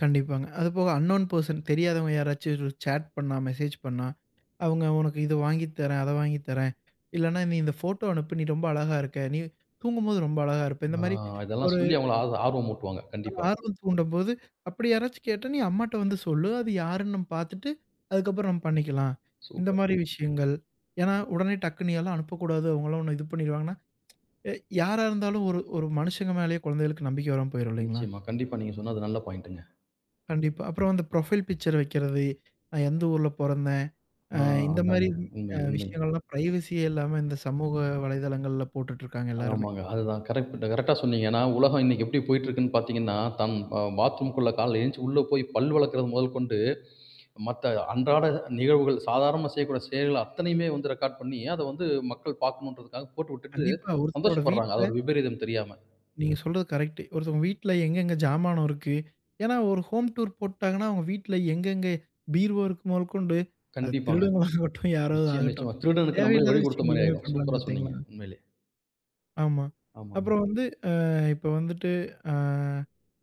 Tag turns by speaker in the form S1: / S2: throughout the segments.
S1: கண்டிப்பாங்க. அதுபோக அன்னவுன் பெர்சன் தெரியாதவங்க யாராச்சும் சாட் பண்ணா, மெசேஜ் பண்ணா. அவுங்க உனக்கு இத வாங்கி தர்றேன், அத வாங்கி தர்றேன், இல்லனா நீ இந்த போட்டோ அனுப்பு, நீ ரொம்ப அழகா இருக்க, நீ தூங்கும்போது ரொம்ப அழகா இருப்பே. இந்த
S2: ஆ,
S1: மாரி
S2: இதெல்லாம்
S1: ஒரு
S2: சொல்லி அவுங்கள ஆர்வ ஆர்வம் ஊட்டுவாங்க. கண்டிப்பா.
S1: ஆர்வம் தூண்டம்போது, அப்டி யாராச்சும் கேட்டா, நீ அம்மாட்ட வந்து சொல்லு. அது யாருன்னு நம்ம பார்த்துட்டு, அதுக்கப்புறம் நம்ம பண்ணிக்கலாம். இந்த
S2: சூப்பர்.
S1: மாரி விஷயங்கள். ஏன்னா, உடனே டக்குன்னு ஏதும் அனுப்பக்கூடாதோ அவங்க எல்லாம் உன்னை இது பண்ணிருவாங்கன்னா, அ யாரா இருந்தாலும் ஒரு ஒரு மனுசங்க மேலேயே கொழந்தைகளுக்கு நம்பிக்கை வராம போய்ரும் இல்லைங்களா?
S2: நிச்சயமா. கண்டிப்பா. நீங்க சொன்னது நல்ல பாயிண்ட்டுங்க.
S1: கண்டிப்பா. அப்புறம் அந்த புரொஃபைல் பிக்சர் வக்கிறது, நான் எந்த ஊர்ல பொறந்தேன்? அ
S2: ஆ,
S1: இந்த
S2: அதாங்க.
S1: மாரி வி
S2: உண்மை,
S1: அ,
S2: உண்மை.
S1: விஷயங்கள் எல்லாம் பிரைவசியே இல்லாம. இந்த சமூக வலைதளங்கள்ல போட்டுட்டுருக்காங்க எல்லாருமே.
S2: ஆமாங்க. அதுதான் கரெக்ட் கரெக்ட்டா சொன்னீங்க. ஏன்னா, உலகம் இன்னைக்கி எப்டி போய்கிட்டு இருக்குன்னு பார்த்தீங்கன்னா, தன் அ பாத்ரூம்குள்ள காலைல எந்திருச்சு உள்ளே போய் பல் வெளக்றது மொதல் கொண்டு, மத்த அன்றாட அ நிகழ்வுகள், சாதாரணமா செய்யக்கூடிய செயல்கள் அத்தனையுமே வந்து ரெக்கார்ட் பண்ணி, அத வந்து மக்கள் பார்க்கணுன்றதுக்காக போட்டு விட்டுட்டு,
S1: கண்டிப்பா. ஒருத்தரோட
S2: சந்தோஷப்பட்றாங்க. அது
S1: வீட்ல
S2: ஒரு விபரீதம் தெரியாம.
S1: நீங்க சொல்றது கரெக்ட்டு. ஒருத்தவங்க வீட்ல எங்கெங்கே ஜாமானம் இருக்கு. ஏன்னா ஒரு ஹோம் டூர் போட்டுட்டாங்கன்னா, அவங்க வீட்ல எங்கெங்கே பீர்வோ இருக்கு மொதக்கொண்டு, அது
S2: கண்டிப்பாங்க.
S1: திருடர்களாகட்டும்
S2: நிச்சயம்
S1: யாராவதாகட்டும்.
S2: நிச்சயமா. திருடனுக்கு நம்மளே
S1: தேவையில்லாத
S2: வழி கொடுத்த
S1: விஷயங்கள்
S2: மாரி
S1: எல்லாமே
S2: ஆயிடும்.
S1: பண்றாங்க
S2: சூப்பரா சொன்னீங்க,
S1: பார்த்தீங்களா?
S2: உண்மையிலே.
S1: ஆமா.
S2: ஆமாங்.
S1: அப்புறம் வந்து, ஆ இப்ப வந்துட்டு ஆ,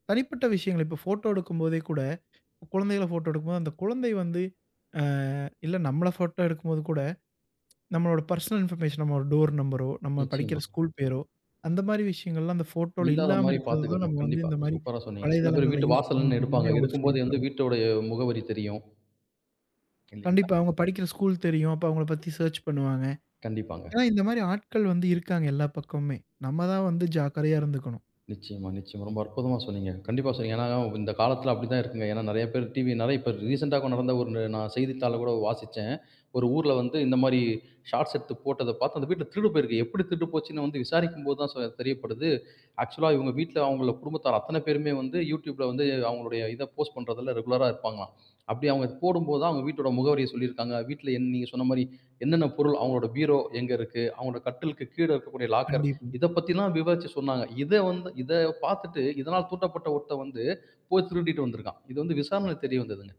S1: தனிப்பட்ட விஷயங்கள், இப்ப போட்டோ எடுக்கும் போதே கூட, குழந்தைகள போட்டோ எடுக்கும்போது அந்த குழந்தை வந்து அ. இல்ல நம்மள போட்டோ எடுக்கும்போது கூட, நம்மளுடைய பெர்சனல் இன்பர்மேஷன் நம்ம டோர் நம்பரோ, நம்ம படிக்கிற
S2: நிச்சயமாங்க.
S1: ஸ்கூல் பேரோ, அந்த மாதிரி விஷயங்கள்லாம் அந்த போட்டோவ்ல
S2: இல்லாத
S1: இல்லாம
S2: மாரி
S1: இருக்கிறதுதான்,
S2: பார்த்துக்கணும்.
S1: நம்ம வந்து
S2: கண்டிப்பா,
S1: இந்த மாரி
S2: சூப்பரா சொன்னீங்க. சில பேரு
S1: வலைதளங்கள்ல
S2: வீட்டு
S1: யூஸ்
S2: வாசல்ல நின்னு
S1: பண்ணனும்ன்ற
S2: எடுப்பாங்க.
S1: மாதிரி, அவங்களுக்கு
S2: எடுக்கும்போது வந்து
S1: சொல்லித்தரணும்.
S2: வீட்டினுடைய முகவரி தெரியும். [unintelligible]
S1: கண்டிப்பா. அவுங்க படிக்கிற ஸ்கூல் தெரியும். அப்ப அவங்கள பத்தி சேர்ச் பண்ணுவாங்க.
S2: கண்டிப்பாங்க.
S1: ஏன்னா இந்த மாரி ஆட்கள் வந்து இருக்காங்க எல்லா பக்கமும்மே. நம்மதான் வந்து ஜாக்கிரதையா இருந்துக்கணும்.
S2: நிச்சயமா, நிச்சயமா. ரொம்ப அற்புதமா சொன்னீங்க. கண்டிப்பா சொன்னீங்க. ஏன்னா இந்த காலத்துல அப்டித்தான் இருக்குங்க. ஏன்னா நெறைய பேர் டிவி இப்ப ரீசென்ட்டா நடந்த ஒரு நா செய்தித்தாள்ல கூட வாசிச்சேன். ஒரு ஊர்ல வந்து இந்த மாரி ஷார்ட்ஸ் எடுத்து போட்டதப் பார்த்து, அந்த வீட்ல திருடு போயிருக்கு. எப்டி திருடு போச்சுன்னு வந்து விசாரிக்கும் போது தான் சொ தெரியப்படுது. ஆக்சுவல்லா இவங்க வீட்ல அவங்கள குடும்பத்தார் அத்தனை பேருமே வந்து, Youtubeல வந்து அவங்களுடைய இத போஸ்ட் பண்றதுல ரெகுலரா இருப்பாங்களாம். அப்டி அவங்க போடும்போது தான் அவங்க வீட்டோட முகவரிய சொல்லிருக்காங்க. வீட்ல என் நீங்க சொன்ன மாரி என்னென்ன பொருள். அவங்களுடைய பீரோ எங்க இருக்கு? அவங்களோட கட்டிலுக்கு கீழே இருக்கக்கூடிய லாக்கர்,
S1: கண்டிப்பா.
S2: இத பத்தில்லாம் விவரிச்சு சொன்னாங்க. இத வந்து இத பார்த்துட்டு, இதனால தூண்டப்பட்ட ஒருத்தன் வந்து, போய் திருடிட்டு வந்திருக்கான். இது வந்து விசாரணையில தெரிய வந்ததுங்க.